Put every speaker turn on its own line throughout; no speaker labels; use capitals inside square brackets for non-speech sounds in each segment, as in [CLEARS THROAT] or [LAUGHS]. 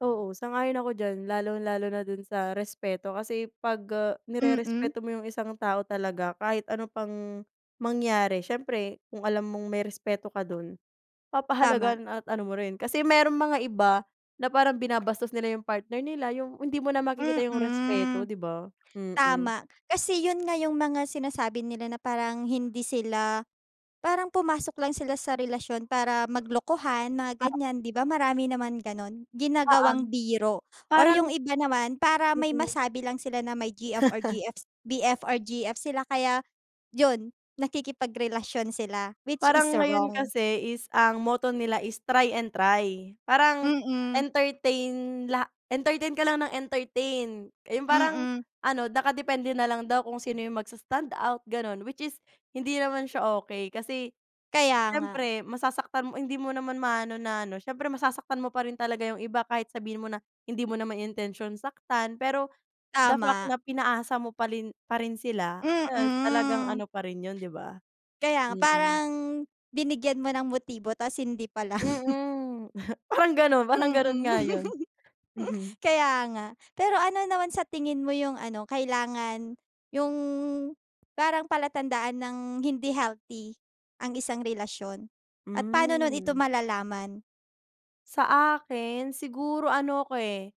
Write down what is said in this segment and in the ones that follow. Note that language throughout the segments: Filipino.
Oo sang-ayon ako diyan lalong-lalo na do'n sa respeto kasi 'pag, ah,
Mm.
nirerespeto mo yung isang tao talaga kahit ano pang, mangyari siyempre kung alam mong may respeto ka do'n
Tama.
papahalagahan at ano mo rin kasi mayro'n mga iba na parang binabastos nila yung partner nila yung hindi mo na makikita yung respeto
Mm.
'di ba, mm.
Tama, kasi 'yun nga yung mga sinasabi nila na parang hindi sila parang pumasok lang sila sa relasyon para maglokohan mga
Ah.
ganyan 'di ba, marami naman gano'n?
Oo.
Ginagawang biro or
Parang.
yung iba naman para may
Mm.
masabi lang sila na may GF or
[CHUCKLES]
GF- BF or GF sila kaya, 'yun nakikipagrelasyon sila which is
Parang ngayon
wrong.
kasi is ang motto nila is "try and try" parang
Mm.
entertain la entertain ka lang ng entertain, yung parang
Mm.
ano nakadepende nalang daw kung sino yung mags standout gano'n which is hindi naman siya okey kasi,
Kaya nga.
siyempre masasaktan mo hindi mo naman maano na ano siyempre masasaktan mo pa rin talaga yung iba kahit sabihin mo na, hindi mo na naman intensyon saktan pero the fact
Tama.
na pinaasa mo parin parin sila, eh, talagang
Mm.
ano pa rin 'yun 'di ba?
Kaya nga
Mm.
parang, binigyan mo ng motibo ta's hindi pala, [LAUGHS]
Mm, parang gano'n parang gano'n
Mm.
nga 'yun. Mhm.
Kaya nga, pero ano naman sa tingin mo yung ano kailangan yung parang palatandaan ng hindi healthy ang isang relasyon at pano no'n ito
Hmm.
malalaman?
Sa akin siguro ano ko, eh.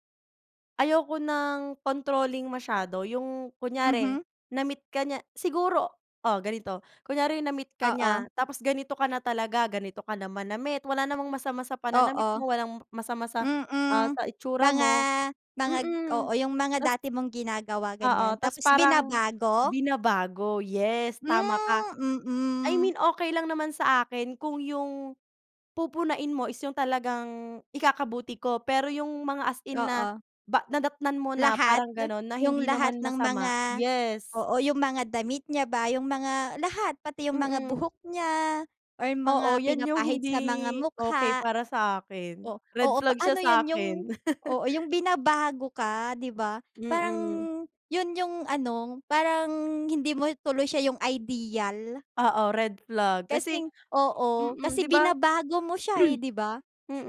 Ayoko ng controlling masyado yung kunyari
Mhm.
na-meet ka niya siguro oh, ganito kunyari na-meet ka
Oo.
niya tapos ganito ka na talaga, ganito ka na manamit wala namang masama sa pananamit
Oo.
mo walang masama sa, ah,
Mm,
sa itsura
mga,
mo,
mga oo
mm.
yung mga
Ta's
dati mong ginagawa ganyan
Oo ta's
tapos
parang,
binabago?
binabago yes, tama ka.
Hmm,
I
mm.
mean okey lang naman sa akin kung yung pupunahin mo is yung talagang ikakabuti ko pero yung mga as in na
Oo.
ba nadatnan mo na
Lahat?
parang gano'n na
Yung
hindi
lahat
naman
ng
masama
mga
yes.
oo, yung mga damit niya ba, yung mga lahat pati yung mga
Mm.
buhok niya or yung
Oo
mga
'yan yung
pinapahid
hindi
sa mga
okey
mukha.
para sa'kin,
Oh, oo
red flag
paano
siya
'yun yung
sa'kin. [LAUGHS]
oo, yung binabago ka 'di ba, parang
Mm.
'yun yung ano parang hindi mo tuloy siya yung ideal.
Oo red flag kasi
Kasing oo,
mm,
kasi
'di ba?
binabago mo siya, eh,
[CLEARS THROAT]
'di ba?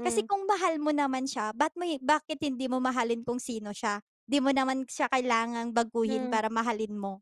Kasi kung mahal mo naman siya ba't mo i bakit hindi mo mahalin kung sino siya? 'Di mo naman siya kailangang baguhin
Hmm.
para mahalin mo.